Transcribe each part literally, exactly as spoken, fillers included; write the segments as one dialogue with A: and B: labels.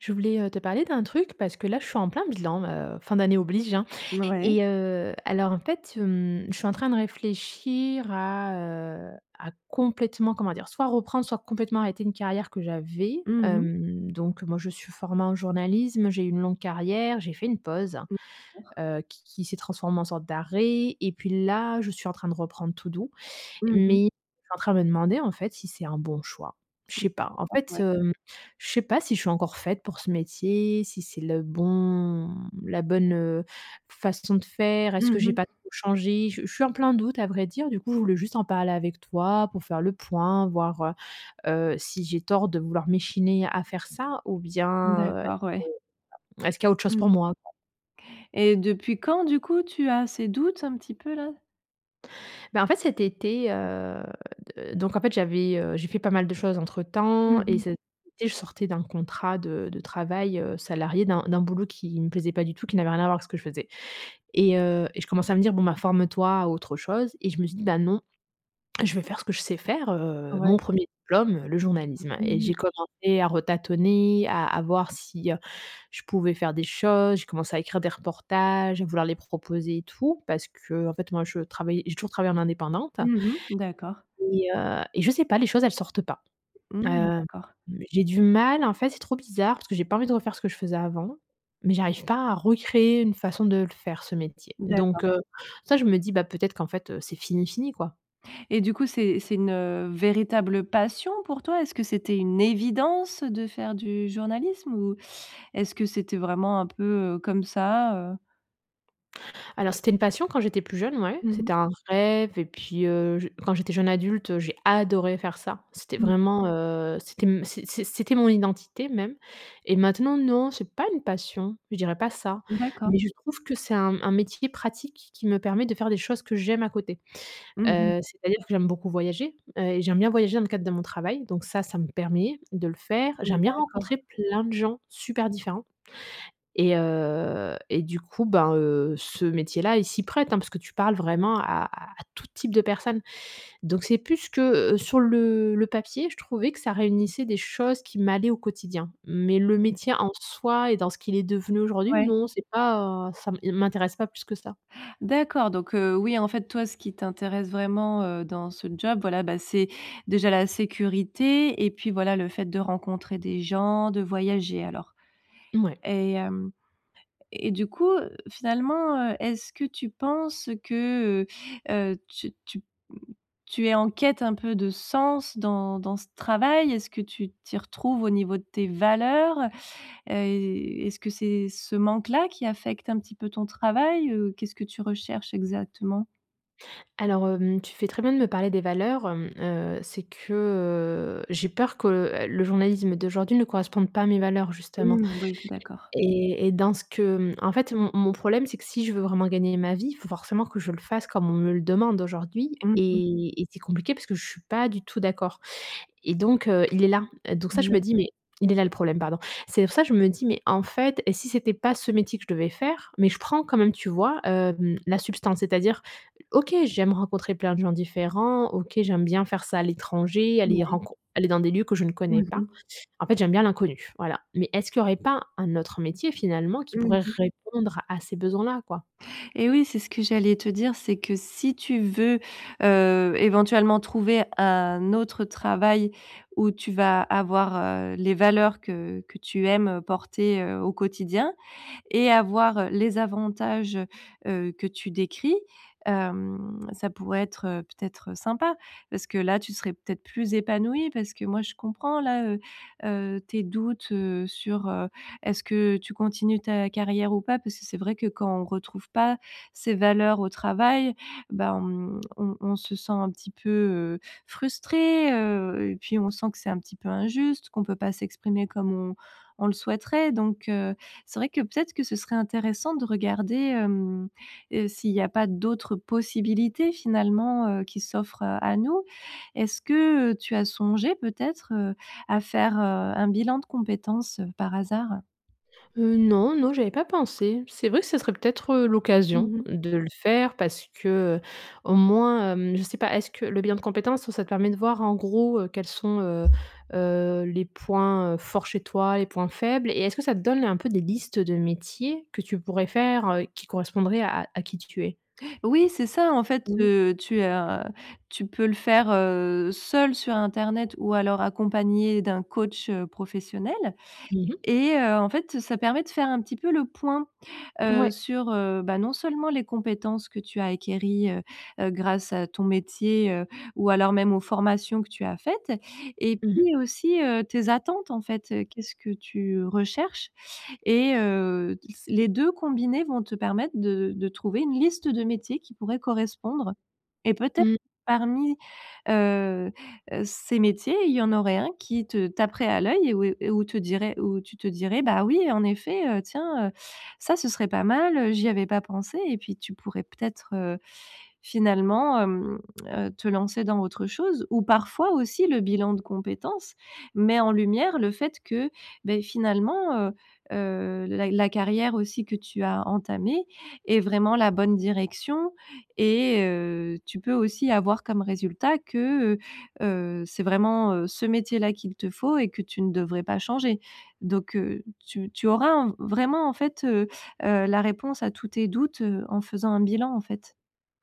A: Je voulais, heu, te parler d'un truc parce que là, je suis en plein bilan, heu, fin d'année oblige, hein.
B: Mouais.
A: Et heu, alors, en fait, hem, je suis en train de réfléchir à, heu, à complètement, comment dire? Soit reprendre, soit complètement arrêter une carrière que j'avais.
B: Mmh mh.
A: Hem, donc moi, je suis formée en journalisme, j'ai eu une longue carrière, j'ai fait une pause,
B: Mmh. [unintelligible]
A: heu, qui qui s'est transformée en sorte d'arrêt. Et puis là, je suis en train de reprendre tout doux.
B: Mmh
A: Mais,
B: mh.
A: suis en train de me demander en fait si c'est un bon choix. Je sais
B: Mmh
A: pas. En
B: [unintelligible]
A: fait,
B: ouais.
A: hem je sais pas, si je suis encore faite pour ce métier, si c'est le bon, mmh, la bonne heu, façon de faire. Est-ce
B: Mmh
A: que j'ai
B: mh.
A: pas trop changé? Je je suis en plein doute à vrai dire. Du coup, je voulais juste en parler avec toi pour faire le point, voir heu heu, si j'ai tort de vouloir m'échiner à faire ça ou bien, heu,
B: D'accord, ouais.
A: [unintelligible] est-ce qu'il y a autre chose
B: Mmh
A: pour moi, quoi?
B: Et depuis quand, du coup, tu as ces doutes un petit peu, là?
A: Bah en fait cet été, heu, d donc en fait, j'avais, heu, j'ai fait pas mal de choses entre
B: Mmh
A: temps et
B: mh.
A: cet été, je sortais d'un contrat de de travail, heu, salarié d'un d'un boulot qui me plaisait pas du tout, qui n'avait rien à voir avec ce que je faisais. Et heu, et je commençais à me dire: «Bon, ben forme-toi à autre chose», et je me suis dit: «Bah non, je veux faire ce que je sais faire, heu
B: Ouais.
A: mon premier diplôme, le journalisme.». Et
B: Mmh
A: j'ai
B: mh.
A: commencé à retatonner, à à voir si, heu, je pouvais faire des choses, je commençais à écrire des reportages, à vouloir les proposer et tout, parce qu'en fait moi je travaillais j'ai toujours travaillé en indépendante.
B: Mmh mh, d'accord.
A: Et heu, et je sais pas, les choses, elles sortent pas. Heu,
B: Mmh
A: mmh,
B: d'accord.
A: j'ai du mal, en fait, c'est trop bizarre. Parce que j'ai pas envie de refaire ce que je faisais avant, mais j'arrive pas à recréer une façon de le faire ce métier. Donc
B: D'accord.
A: heu, ça, je me dis: «Bah peut-être qu'en fait, heu, c'est fini fini quoi.».
B: Et du coup, c'est c'est une, heu, véritable passion pour toi? Est-ce que c'était une évidence de faire du journalisme? Ou, est-ce que c'était vraiment un peu comme ça, heu?
A: Alors c'était une passion, quand j'étais plus jeune, ouais.
B: Mmh mh.
A: C'était un rêve, et puis heu, j quand j'étais jeune adulte, heu, j'ai adoré faire ça. C'était
B: Mmh.
A: vraiment, heu, c'était m c'est c'est c'était mon identité même. Et maintenant non, c'est pas une passion, je dirais pas ça.
B: D'accord.
A: Mais je trouve que c'est un m un métier pratique qui qui me permet de faire des choses que j'aime à côté.
B: Mmh mh.
A: Heu, c'est-à-dire que j'aime beaucoup voyager, heu, et j'aime bien voyager dans le cadre de mon travail. Donc ça, ça me permet de le faire.
B: Mmh
A: J'aime bien
B: d'accord.
A: rencontrer plein de gens, super différents et heu, et du coup ben heu, ce métier là, il s'y prête, hein, parce que tu parles vraiment à à à tout type de personnes. Donc c'est plus que sur le le papier, je trouvais que ça réunissait des choses qui m'allaient au quotidien. Mais le
B: Mmh.
A: métier en soi et dans ce qu'il est devenu aujourd'hui,
B: Ouais.
A: non, c'est pas, heu, ça m il m'intéresse pas plus que ça.
B: D'accord, donc heu oui, en fait, toi ce qui t'intéresse vraiment, heu, dans ce job, voilà, bah, c'est déjà la sécurité et puis voilà le fait de rencontrer des gens, de voyager, alors?
A: Mouais.
B: Et hem, et du coup, heu, finalement, heu, est-ce que tu penses que, heu heu, tu tu, mmh, tu es en quête un peu de sens dans dans ce travail? Est-ce que tu t'y retrouves au niveau de tes valeurs? Heu, est-ce que c'est ce manque-là qui affecte un petit peu ton travail? Heu, qu'est-ce que tu recherches exactement?
A: Alors hem, tu fais très bien de me parler des valeurs. Hem, heu c'est que, heu, j'ai peur que, heu, le journalisme d'aujourd'hui ne corresponde pas à mes valeurs justement.
B: Mmh, oui d'accord.
A: Et, et dans ce que, mmh, en fait mon mon problème, c'est que si je veux vraiment gagner ma vie, il faut forcément que je le fasse comme on me le demande aujourd'hui
B: Mmh mh.
A: et et c'est compliqué, parce que je suis pas du tout d'accord. Et donc heu, il est là. Heu donc ça, je me
B: Moui.
A: dis, mais «il est là le problème», pardon. C'est pour ça je me dis: «Mais en fait, et si c'était pas ce métier que je devais faire?». Mais je prends quand même, tu vois, hem, la substance. C'est-à-dire, OK, j'aime rencontrer plein de gens différents, OK j'aime bien faire ça à l'étranger, aller y
B: Mouais.
A: rencon aller dans des lieux que je ne
B: Mmh
A: connais pas.
B: mh.
A: En fait j'aime bien l'inconnu, voilà. Mais est-ce qu'il y aurait pas un autre métier finalement, qui
B: Mmh
A: pourrait
B: mh.
A: répondre à ces besoins-là, quoi?
B: Et oui, c'est ce que j'allais te dire, c'est que si tu veux, heu, éventuellement trouver un autre travail où tu vas avoir, heu, les valeurs que que tu aimes, heu, porter, heu, au quotidien. Et avoir les avantages, heu heu, que tu décris, hem, ça pourrait être, heu, peut-être, heu, sympa? Parce que là tu serais peut-être plus épanouie. Parce que moi je comprends là, heu heu, tes doutes heu sur, heu, est-ce que tu continues ta carrière ou pas? Parce que c'est vrai que quand on retrouve pas ses valeurs au travail, bah, on on on se sent un petit peu, heu, frustrée heu. Et puis on sent que c'est un petit peu injuste, qu'on peut pas s'exprimer comme on on le souhaiterait. Donc heu, c'est vrai que peut-être que ce serait intéressant de regarder, hem, heu, s'il y a pas d'autres possibilités finalement, heu, qui s'offrent, heu, à nous. Est-ce que, heu, tu as songé peut-être, heu, à faire heu, un bilan de compétences par hasard?
A: Heu, non, non, j'y avais pas pensé. C'est vrai que ce serait peut être heu, l'occasion
B: Mmh mh.
A: de le faire parce que, heu, au moins, hem, je sais pas. Est ce que le bilan de compétences, ça te permet de voir en gros, heu, quels sont, heu heu, les points, heu, forts chez toi, les points faibles? Et, est-ce que ça te donne un peu des listes de métiers que tu pourrais faire, heu, qui correspondraient à à qui tu es?
B: Oui, c'est ça en fait,
A: Oui.
B: heu, tu heu, tu peux le faire, heu, seule sur Internet ou alors accompagnée d'un coach, heu, professionnel.
A: Mmh mh.
B: Et heu, en fait ça permet de faire un petit peu le point, heu,
A: Ouais.
B: sur heu, bah non seulement les compétences que tu as acquéries, heu heu, grâce à ton métier heu, ou alors même aux formations que tu as faites. Et
A: Mmh mh.
B: puis aussi heu, tes attentes en fait, heu, qu'est-ce que tu recherches? Et heu, s les deux combinés vont te permettre de de trouver une liste de métiers qui pourraient correspondre. Et, peut-ê
A: Mmh.
B: parmi, heu heu, ces métiers, il y en aurait un qui te taperait à l'oeil et où et et où te dirait où tu te dirais: «Bah oui en effet, heu, tiens, heu, ça ce serait pas mal, heu, j'y avais pas pensé», et puis tu pourrais peut-être, heu, finalement, hem, heu, te lancer dans autre chose. Ou parfois aussi le bilan de compétences, met en lumière le fait que beh finalement, heu heu, la la carrière aussi que tu as entamée est vraiment la bonne direction et heu, tu peux aussi avoir comme résultat que, heu heu, c'est vraiment, heu, ce métier-là qu'il te faut et que tu ne devrais pas changer. Donc heu, tu tu auras un v vraiment, en fait, heu heu, la réponse à tous tes doutes, heu, en faisant un bilan, en fait.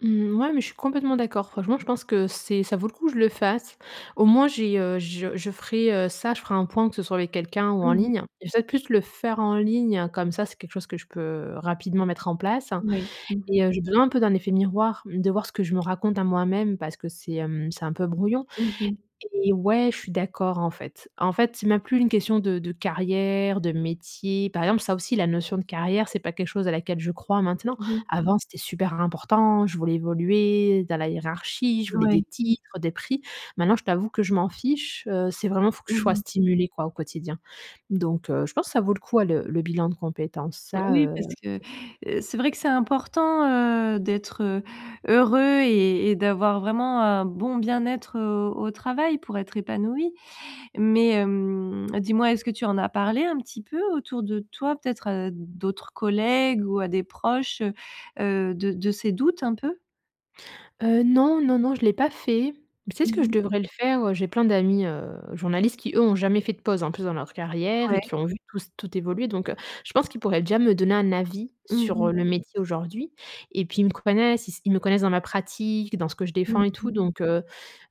A: Mmh ouais, mais je suis complètement d'accord. Franchement, je pense que c'est, ça vaut le coup que je le fasse. Au moins j'ai, heu, je je ferai heu ça, je ferai un point que ce soit avec quelqu'un ou en
B: Mmh mh.
A: ligne. Je vais peut-être plus le faire en ligne comme ça, c'est quelque chose que je peux, heu, rapidement mettre en place.
B: Mouais. Mmh mh.
A: Et heu, j'ai besoin un peu d'un effet miroir, de voir ce que je me raconte à moi-même parce que c'est hem, c'est un peu brouillon.
B: Mmh mh.
A: Et ouais, je suis d'accord, en fait. En fait, c'est même plus une question de de carrière, de métier. Par exemple, ça aussi, la notion de carrière, c'est pas quelque chose à laquelle je crois maintenant.
B: Mmh mh.
A: Avant, c'était super important. Je voulais évoluer dans la hiérarchie, je voulais des
B: Ouais.
A: titres, des prix. Maintenant, je t'avoue que je m'en fiche, heu. C'est vraiment, il faut que
B: Mmh
A: je sois
B: mh.
A: stimulée quoi, au quotidien. Donc heu, je pense que ça vaut le coup, à le le bilan de compétences, ça,
B: Oui,
A: heu,
B: parce que,
A: ça c'est sûr.
B: heu, c'est vrai que c'est important, heu, d'être heu, heureux et et d'avoir vraiment un bon bien-être, heu, au travail pour être épanouie. Mais hem, dis-moi est-ce que tu en as parlé un petit peu autour de toi, peut-être à d'autres collègues ou à des proches, heu heu, de de ces doutes, un peu?
A: Heu, non, non, non, je l'ai pas fait. C'est ce que
B: Mmh
A: je
B: mh.
A: devrais le faire, heu. J'ai plein d'amis heu, journalistes qui eux ont jamais fait de pause en plus dans leur carrière et
B: Ouais.
A: qui ont vu tous tout évoluer. Donc heu, je pense qu'ils pourraient déjà me donner un avis,
B: Mmh
A: sur
B: mh.
A: heu, le métier aujourd'hui. Et puis ils me connaissent, ils s ils me connaissent dans ma pratique, dans ce que je
B: Mmh
A: défends et tout.
B: mh.
A: Donc heu,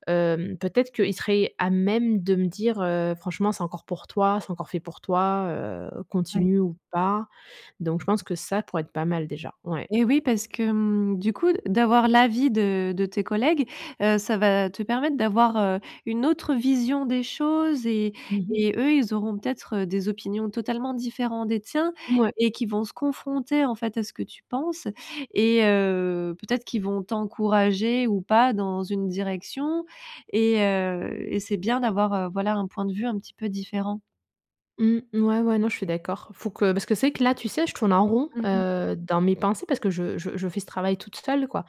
A: hem, peut-être qu'ils seraient à même de me dire heu: «Franchement c'est encore pour toi, c'est encore fait pour toi, heu,
B: Ouais.
A: continue ou pas». Donc je pense que ça pourrait être pas mal déjà. Ouais.
B: Eh oui, parce que mmh, du coup, de d'avoir l'avis de de tes collègues, heu, ça va te permettre d'avoir, heu, une autre vision des choses et
A: Mmh mh.
B: et eux, ils auront peut-être heu, des opinions totalement différents des tiens,
A: Mouais.
B: et qui vont se confronter en fait à ce que tu penses. Et heu, peut-être qu'ils vont t'encourager ou pas dans une direction et heu et c'est bien d'avoir, heu, voilà un point de vue un petit peu différent.
A: Mmh, ouais, ouais, non, je suis d'accord. Faut que parce c'est que là, tu sais, je tourne en rond,
B: Mmh mh.
A: heu, dans mes pensées parce que je je je fais ce travail toute seule quoi.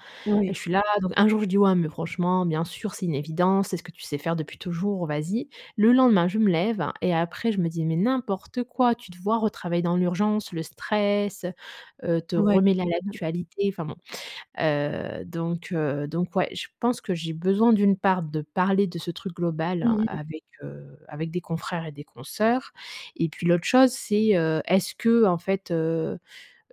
A: Et
B: Oui.
A: je suis là, donc un jour je dis: «Ouais, mais franchement bien sûr, c'est une évidence, c'est ce que tu sais faire depuis toujours, vas-y». Le lendemain, je me lève, et après je me dis: «Mais n'importe quoi, tu te vois retravailler dans l'urgence, le stress, heu heu, te
B: Ouais,
A: remêler à
B: mmh.
A: l'actualité?» enfin bon. Heu, donc heu, donc ouais, je pense que j'ai besoin d'une part de parler de ce truc
B: Mmh
A: global
B: mh.
A: avec heu, avec des confrères et des consœurs. Et puis l'autre chose, c'est heu, est-ce que en fait heu,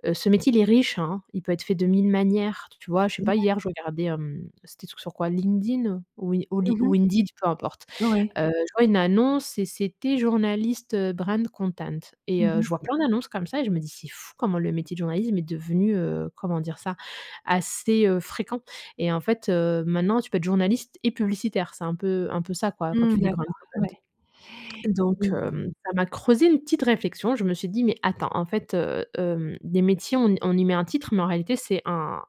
A: heu ce métier, il est riche hein, il peut être fait de mille manières. Tu vois? Je sais
B: Mouais.
A: pas hier, je regardais hem, c'était truc sur quoi? LinkedIn, ou i ou li
B: Mmh
A: ou
B: mh.
A: Indeed, peu importe.
B: Ouais.
A: Heu, tu vois, une annonce et c'était journaliste brand content.
B: Mmh
A: Et heu,
B: mh.
A: je vois plein d'annonces comme ça, et je me dis: «C'est fou comment le métier de journalisme est devenu heu, comment dire ça? Assez heu, fréquent». Et en fait heu, maintenant tu peux être journaliste et publicitaire, c'est un peu un peu ça quoi quand
B: Mmh
A: tu dis, brand
B: d'accord,
A: content.
B: ouais,
A: Donc
B: mmh mh.
A: hem, ça m'a creusé une petite réflexion, je me suis dit: «Mais attends, en fait heu, hem, des métiers on y on y met un titre mais en réalité c'est un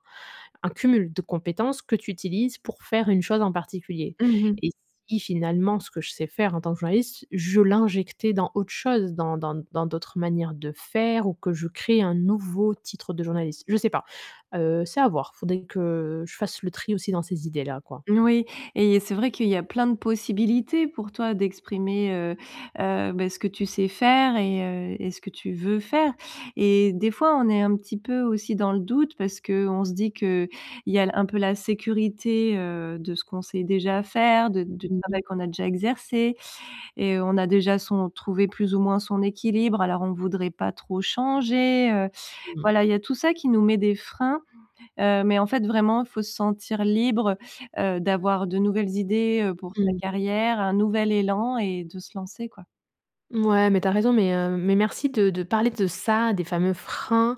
A: un cumul de compétences que tu utilises pour faire une chose en particulier.
B: Mmh mh.
A: Et si finalement ce que je sais faire en tant que journaliste, je l'injectais dans autre chose dans dans dans d'autres manières de faire ou que je crée un nouveau titre de journaliste?» Je sais pas. Heu, c'est à voir, faudrait que je fasse le tri aussi dans ces idées là quoi.
B: N oui. Et c'est vrai qu'il y a plein de possibilités, pour toi d'exprimer, heu, heu, bah, ce que tu sais faire et heu et ce que tu veux faire. Et des fois on est un petit peu aussi dans le doute parce qu'on se dit que, il y a l un peu la sécurité, heu, de ce qu'on sait déjà faire, de du
A: Mmh
B: travail
A: mh.
B: qu'on a déjà exercé et on a déjà son trouvé plus ou moins son équilibre alors on voudrait pas trop changer, heu.
A: Mmh.
B: Voilà il y a tout ça qui nous met des freins, heu, mais en fait vraiment il faut se sentir libre, heu, d'avoir de nouvelles idées, heu, pour sa
A: Mmh mh.
B: carrière, un nouvel élan et de se lancer quoi.
A: Mouais, mais tu as raison, mais heu, mais merci de de parler de ça, des fameux freins.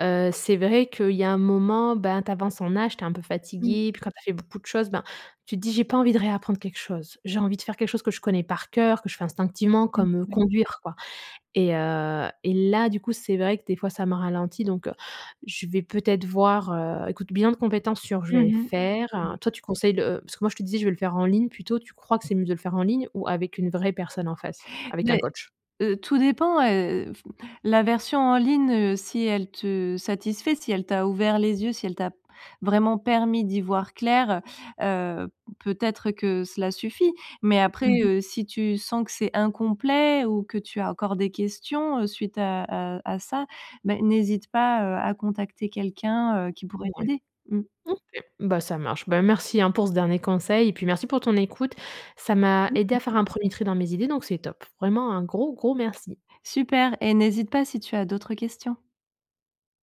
A: Heu, c'est vrai qu'il y a un moment, ben tu avances en âge, tu es un peu
B: Mmh
A: fatiguée.
B: mh.
A: Puis quand tu as fait beaucoup de choses, ben tu te dis: «J'ai pas envie de réapprendre quelque chose. J'ai envie de faire quelque chose que je connais par cœur, que je fais instinctivement
B: Mmh,
A: comme, heu,
B: ouais.
A: conduire quoi» et heu et là du coup c'est vrai que des fois ça m'a ralenti donc, heu, je vais peut-être voir heu, écoute, bilan de compétences sûr je
B: Mmh
A: vais le
B: mh.
A: faire.
B: Ouais.
A: Heu, toi tu conseilles le parce que moi je te disais je vais le faire en ligne plutôt. Tu crois que c'est mieux de le faire en ligne ou avec une vraie personne en face? Avec un
B: Mais,
A: coach?
B: heu tout dépend heu, f la version en ligne, heu, si elle te satisfait, si elle t'a ouvert les yeux, si elle t'as, p vraiment permis d'y voir clair, heu, heu, peut-être que cela suffit. Mais après
A: Mmh mh.
B: heu, si tu sens que c'est incomplet, ou que tu as encore des questions heu, suite à à à ça, bah n'hésite pas, heu, à contacter quelqu'un, heu, qui pourrait
A: Ouais.
B: t'aider. Mmh.
A: OK, ben ça marche. Ben merci hein, pour ce dernier conseil. Et puis merci pour ton écoute.
B: Je
A: Ça m'a
B: t'en
A: aidé
B: prie.
A: à faire un premier tri dans mes idées, donc c'est top. Vraiment un gros gros merci.
B: Super et n'hésite pas si tu as d'autres questions.